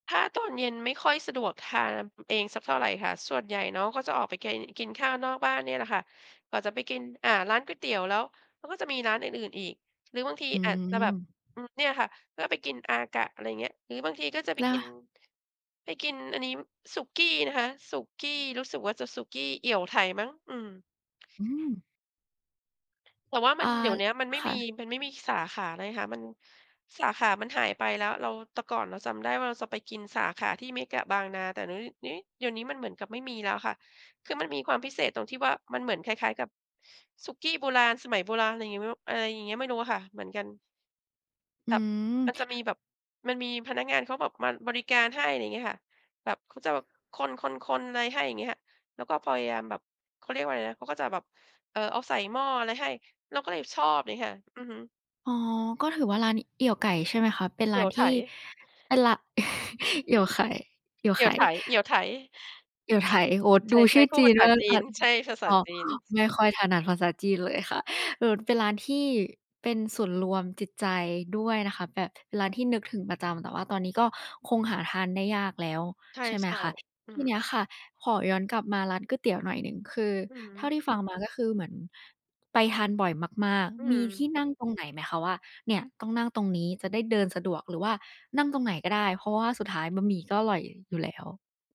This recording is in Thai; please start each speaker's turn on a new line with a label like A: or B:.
A: ถ้าตอนเย็นไม่ค่อยสะดวกทานเองสักเท่าไรค่ะ ส่วนใหญ่เนาะก็จะออกไปเกน กินข้าวนอกบ้านเนี่ยแหละค่ะ กว่าจะไปกิน อ่า ร้านก๋วยเตี๋ยวแล้ว มันก็จะมีร้านอื่น ๆ อีก หรือบางที
B: อื
A: อาจจะแบบ
B: ม
A: อืม เนี่ยค่ะ ก็ไปกิน AKA อะไรอย่างเงี้ย หรือบางทีก็จะไป
B: เหร
A: กิน
B: อ?
A: ไปกินอันนี้ สุกี้นะคะ สุกี้ รู้สึกว่าจะสุกี้เอี่ยวไถ่มั้ง อืม
B: อื้อฮือ
A: แต่ว่าม
B: อ
A: ั
B: า
A: น เดี๋ยวเนี้ยมันไม่
B: ค่
A: มี
B: ะ
A: มันไม่มีสาขาเลยค่ะ มัน สาขามันหายไปแล้ว เรา แต่ก่อนเราจำได้ว่า เราจะไปกินสาขาที่เมกะบางนา แต่เดี๋ยวนี้ นี้ เดี๋ยวนี้มันเหมือนกับไม่มีแล้วค่ะ คือมันมีความพิเศษตรงที่ว่า มันเหมือนคล้าย ๆ กับสุกี้โบราณ สมัยโบราณ อะไรอย่างงี้ ไม่รู้ อะไรอย่างเงี้ย ไม่รู้ค่ะ เหมือนกัน
B: อื
A: แบบ มั
B: อ
A: นจะมีแบบ มันมีพนักงานเขาแบบมาบริการให้ อะไรอย่างเงี้ยค่ะ แบบเขาจะแบบคน ๆ ๆ อะไรให้ อย่างเงี้ยค่ะ แล้วก็พยายามแบบ เขาเรียกว่าอะไรนะ เขาก็จะแบบ เอ่อ เอาใส่หม้ออะไรให้ เราก็เลยชอบ อย่างเงี้ยค่ะ อือฮึ
B: อ๋อ ก็ถือว่าร้านเอี่ยวไก่ ใช่ไหมคะ เป็น
A: เ
B: ร
A: อ
B: ้
A: ี
B: า
A: ่ย
B: น
A: ว
B: ท
A: ไ
B: ี
A: ถ
B: ่ เป็นร้าน เอี่ยวไข่ เอี่ยว
A: เอ
B: ไ
A: ี
B: ข
A: ่ย
B: ่
A: วไถ เอี่ยวไถ
B: เอี่ยวไถ่ โอ้โฮ
A: ใช
B: ดูชื
A: ่
B: ่อ
A: ๆ พู
B: จ
A: ด
B: ี
A: ภา
B: น
A: ษ
B: ม
A: า
B: ากเล
A: จ
B: ย
A: ี
B: ค่
A: น
B: ะ
A: ใช่ ภาษ
B: อ
A: า
B: ๋อ
A: จีน
B: ไม่ค่อยถนัดภาษาจีนเลยค่ะ เอ่อ เป็นร้านที่เป็นศูนย์รวมจิตใจด้วยนะคะ แบบเป็นร้านที่นึกถึงประจำ แต่ว่าตอนนี้ก็คงหาทานได้ยากแล้ว
A: ใช
B: ใช่ไหม
A: ่
B: คะ
A: ๆ อื
B: ที่
A: ม
B: เนี้ยค่ะ ขอย้อนกลับมาร้านก๋วยเตี๋ยวหน่อยหนึ่ง คือ
A: อื
B: เท่า
A: ม
B: ที่ฟังมา ก็คือเหมือนไปทานบ่อยมาก
A: อื
B: ๆ มีที่
A: ม
B: นั่งตรงไหนไหมคะว่า เนี่ยต้องนั่งตรงนี้จะได้เดินสะดวก หรือว่านั่งตรงไหนก็ได้ เพราะว่าสุดท้ายบะหมี่ก็อร่อยอยู่แล้ว?